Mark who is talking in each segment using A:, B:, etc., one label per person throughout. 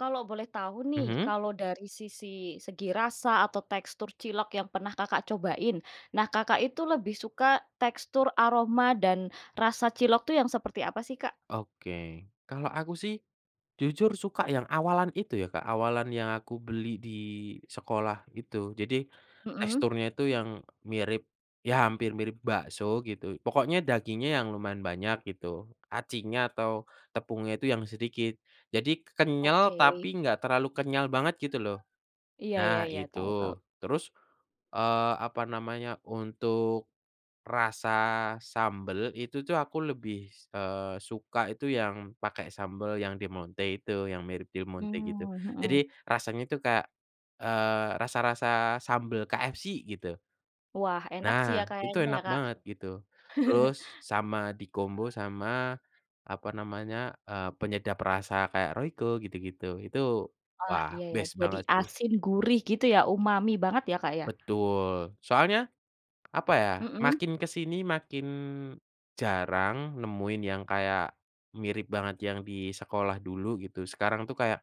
A: Kalau boleh tahu nih,
B: Mhm.
A: kalau dari sisi segi rasa atau tekstur cilok yang pernah Kakak cobain, nah, Kakak itu lebih suka tekstur, aroma, dan rasa cilok tuh yang seperti apa sih Kak?
B: Oke. Kalau aku sih, jujur suka yang awalan itu ya Kak, awalan yang aku beli di sekolah itu. Jadi,
A: Mhm.
B: teksturnya itu yang mirip, ya hampir mirip bakso gitu, pokoknya dagingnya yang lumayan banyak gitu, acinya atau tepungnya itu yang sedikit. Jadi ke kenyal
A: Oke.
B: tapi enggak terlalu kenyal banget gitu loh,
A: Iya iya
B: nah,
A: iya. Tahu tahu.
B: itu. Terus, eee, apa namanya, untuk rasa sambel itu tuh aku lebih, s eee, suka itu yang pakai sambel yang Del Monte itu yang mirip Del Monte gitu.
A: Mmm, mhm.
B: Jadi rasanya itu kayak, eee, rasa-rasa sambel KFC gitu.
A: Wah, enak sih ya
B: Nah, itu
A: kayaknya ya
B: enak
A: Kak.
B: banget gitu. Terus sama di kombo sama apa namanya, eee, penyedap rasa kayak royco gitu-gitu, itu
A: Oh,
B: wah,
A: iya iya,
B: best
A: jadi
B: banget sih.
A: asin gurih gitu ya, umami banget ya, Kak, ya.
B: Betul. Soalnya, apa ya,
A: Mhm.
B: makin ke sini makin jarang nemuin yang kayak mirip banget yang di sekolah dulu gitu, sekarang tuh kayak,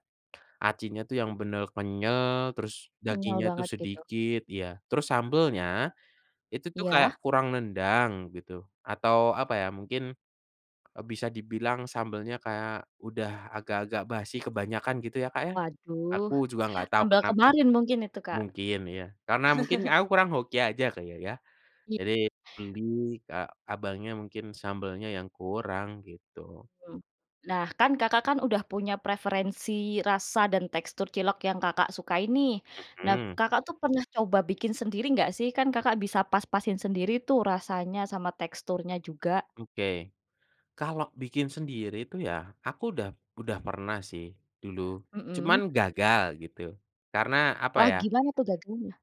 B: acinya tuh yang benar kenyal, terus
A: Kenyal
B: dagingnya tuh
A: banget gitu.
B: sedikit ya, terus sambelnya itu tuh kayak
A: Iya.
B: kurang nendang gitu, atau apa ya mungkin, e bisa dibilang sambelnya kayak udah agak-agak basi, kebanyakan gitu ya, Kak, ya.
A: Waduh.
B: Aku juga nggak tahu
A: Sambel
B: kenapa.
A: kemarin mungkin itu Kak.
B: Mungkin, ya, karena mungkin aku kurang hoki aja Kak ya ya.
A: I
B: Jadi beli, ke abangnya mungkin sambalnya yang kurang, gitu.
A: Mhm. Nah, kan, Kakak kan udah punya preferensi rasa dan tekstur cilok yang Kakak sukai nih. Nah,
B: Mhm.
A: Kakak tuh pernah coba bikin sendiri nggak sih? Kan Kakak bisa pas-pasin sendiri tuh rasanya sama teksturnya juga.
B: Oke. Kalau bikin sendiri itu ya, aku udah udah pernah sih dulu,
A: Mhm.
B: cuman gagal gitu, karena apa
A: Wah,
B: ya.
A: gimana tuh gagalnya?